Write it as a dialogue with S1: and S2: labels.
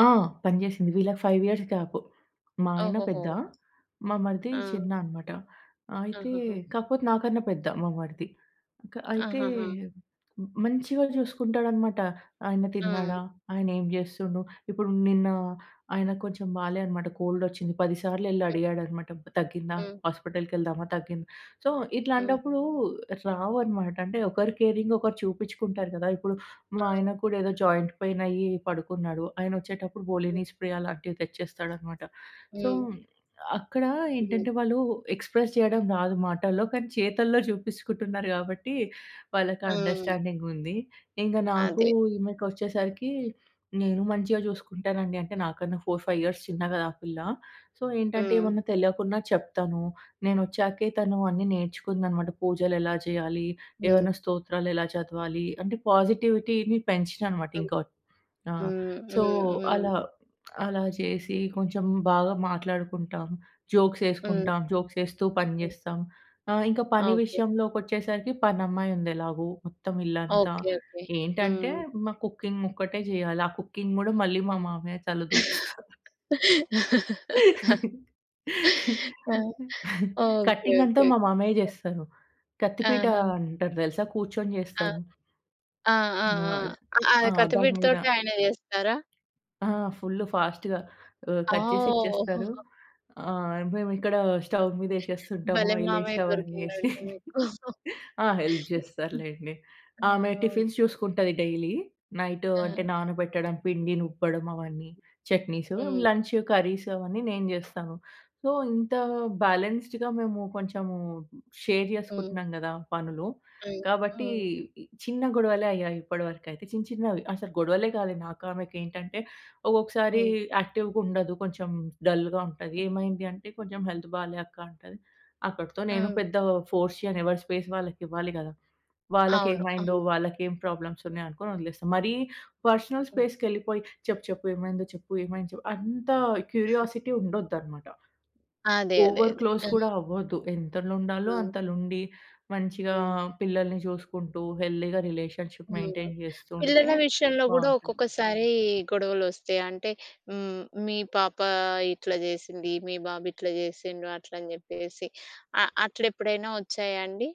S1: ఆ! పని చేసింది, వీళ్లకి 5 ఇయర్స్ గ్యాప్. మా ఆయన పెద్ద,
S2: ఓహోహో!
S1: మా మరిది
S2: ఆ!
S1: చిన్న అన్నమాట. అయితే
S2: ఆహహా!
S1: కాకపోతే నాకన్నా పెద్ద మా మరిది. క అయితే
S2: ఆహహా!
S1: మంచిగా చూసుకుంటాడన్నమాట. ఆయన
S2: ఆ!
S1: తిన్నాడా? ఆయనేం చేస్తున్నాడు? ఇప్పుడు నిన్న ఆయన కొంచెం బాలేదన్నమాట, కోల్డ్ వచ్చింది. పది సార్లు వెళ్లి
S2: హ్మ్.
S1: అడిగాడన్నమాట, "తగ్గిందా?
S2: హ్మ్.
S1: హాస్పిటల్‌కెళ్దామా? తగ్గిందా?" సో,
S2: హ్మ్.
S1: ఇట్లాంటప్పుడు రావన్నమాట. అంటే ఒకరు కేరింగ్ ఒకరు చూపించుకుంటారు కదా! ఇప్పుడు మా
S2: ఆ!
S1: ఆయన కూడా ఏదో జాయింట్ పైయినయ్యి పడుకున్నాడు. ఆయన వచ్చేటప్పుడు
S2: హ్మ్.
S1: వోలిని స్ప్రే అలాంటివి తెచ్చేస్తాడన్నమాట. సో,
S2: హ్మ్.
S1: అక్కడ
S2: హ్మ్.
S1: ఏంటంటే వాళ్లు ఎక్స్‌ప్రెస్ చేయడం రాదు మాటల్లో, కానీ చేతల్లో చూపించుకుంటున్నారు కాబట్టి, వాళ్లకి
S2: ఆ!
S1: అండర్‌స్టాండింగ్ ఉంది. ఇక నాకు,
S2: అదే.
S1: ఈమెకొచ్చేసరికి, నేను మంచిగా చూసుకుంటానండి. అంటే నాకన్నా 4, 5 ఇయర్స్ చిన్న గదా ఆ పిల్ల. సో, ఏంటంటే
S2: హ్మ్.
S1: ఏమన్నా తెలవకున్నా చెప్తాను. నేనొచ్చాకే తను అన్ని నేర్చుకుందన్నమాట. పూజలు ఎలా చేయాలి?
S2: హ్మ్.
S1: ఏమన్నా స్తోత్రాలు ఎలా చదవాలి? అంటే పాజిటివిటీని పెంచినన్నమాట
S2: హ్మ్.
S1: ఇంక ఒచ్ ఆ!
S2: హ్మ్.
S1: సో
S2: హ్మ్. హ్మ్.
S1: అలా, అలా చేసి, కొంచెం బాగా మాట్లాడుకుంటాం, జోక్స్
S2: హ్మ్.
S1: ఎసుకుంటాం, జోక్స్ వేస్తూ పని
S2: హ్మ్.
S1: చేస్తాం. ఆహ్, ఇంక పని
S2: ఓకే.
S1: విషయంలోకొచ్చేసరికి పనమ్మాయి ఉంది ఎలాగో. మొత్తం ఇల్లంతా.
S2: ఓకే. ఓకే.
S1: ఏంటంటే,
S2: హ్మ్.
S1: మా కుకింగ్ ఒక్కటే చేయాలి. ఆ కుకింగ్ కూడా మళ్లీ మా మామయ్య తల దూరుస్తారు.
S2: ఆ! ఓకే.
S1: కట్టింగంతా
S2: ఓకే.
S1: మా
S2: ఓకే.
S1: మామయ్య జేస్తారు. కత్తిపీట
S2: ఆహా!
S1: అంటారు తెలుసా కూర్చొని
S2: ఆ!
S1: జేస్తరు?
S2: ఆ! ఆ! ఆ!
S1: మస్త్
S2: ఆ
S1: ఆ! దాని మీద.
S2: కత్తి‌పీ‌టతోటే ఆయన చేస్తారా?
S1: ఆ! ఫుల్ ఫాస్ట్‌గా ఆహ్,
S2: ఆ!
S1: కట్ చేసి
S2: ఓహ్!
S1: ఇచ్చేస్తారు. ఆ! మేమిక్కడ స్టవ్ మీద వేసేస్తుంటాము,
S2: భలే
S1: ఆయిల్ వేసి
S2: మామయ్య
S1: అవన్నీ.
S2: దొరికిండండి మీకు!
S1: ఆ! హెల్ప్ చేస్తారులెండి.
S2: ఆ!
S1: ఆమె
S2: ఓహ్!
S1: టిఫిన్స్ చూసుకుంటుంది డైలీ. నైట్ అంటే
S2: ఆ!
S1: నానబెట్టడం, పిండి నూర్పడం, అవన్నీ, చట్నీసు.
S2: హ్మ్.
S1: లంచ్, కర్రీస్ అవన్నీ నేను చేస్తాను. సో, ఇంత బ్యాలెన్స్‌డ్‌గా మేము కొంచెము షేర్
S2: హ్మ్.
S1: చేసుకుంటున్నాం కదా! పనులు.
S2: హ్మ్.
S1: కాబట్టి
S2: హ్మ్.
S1: చిన్న గొడవలే అయ్యాయి ఇప్పటివరకైతే. చిన్న చిన్నవి అసలు గొడవలే కాలే నాకు ఆమెకి ఏంటంటే, ఒక్కొక్కసారి
S2: హ్మ్.
S1: యాక్టివ్‌గా ఉండదు. కొంచెం డల్‌గా ఉంటది. "ఏమైంది" అంటే, "కొంచెం హెల్త్ బాలే అక్క" అంటది. అక్కడితో నేను
S2: ఆ!
S1: పెద్దగా ఫోర్స్ చేయను. ఎవరి స్పేస్ వాళ్లకివ్వాలి గదా?
S2: అవును.
S1: వాళ్లకేమైందో,
S2: అవును.
S1: వాళ్లకేం ప్రాబ్లమ్స్ ఉన్నాయనుకొని వదిలేస్తా. మరీ పర్సనల్
S2: హ్మ్.
S1: స్పేస్‌కెళ్లిపోయి, "చెప్పు చెప్పు? ఏమైంది చెప్పు? ఏమైంది చెప్పు?" అంత క్యూరియాసిటీ ఉండొద్దన్నమాట.
S2: అదే. అదే.
S1: ఓవర్
S2: అదే.
S1: క్లోజ్ కూడా
S2: హ్మ్.
S1: అవ్వొద్దు. ఎంతలో ఉండాలో
S2: అవును.
S1: అంతలో ఉండి, మంచిగా
S2: హ్మ్.
S1: పిల్లల్ని చూసుకుంటూ, హెల్తీగా రిలేషన్‌షిప్
S2: హ్మ్.
S1: మెయింటెయిన్ చేస్తూ ఉంటే
S2: పిల్లల విషయంలో గూడా
S1: బావుంటుంది.
S2: ఒక్కొక్కసారి గొడవలొస్తాయి. అంటే హ్మ్. మీ పాప ఇట్లా చేసింది, మీ బాబు ఇట్లా చేసిండు, అట్లని చెప్పేసి. అ అట్లెప్పుడైనా వచ్చాయా అండి?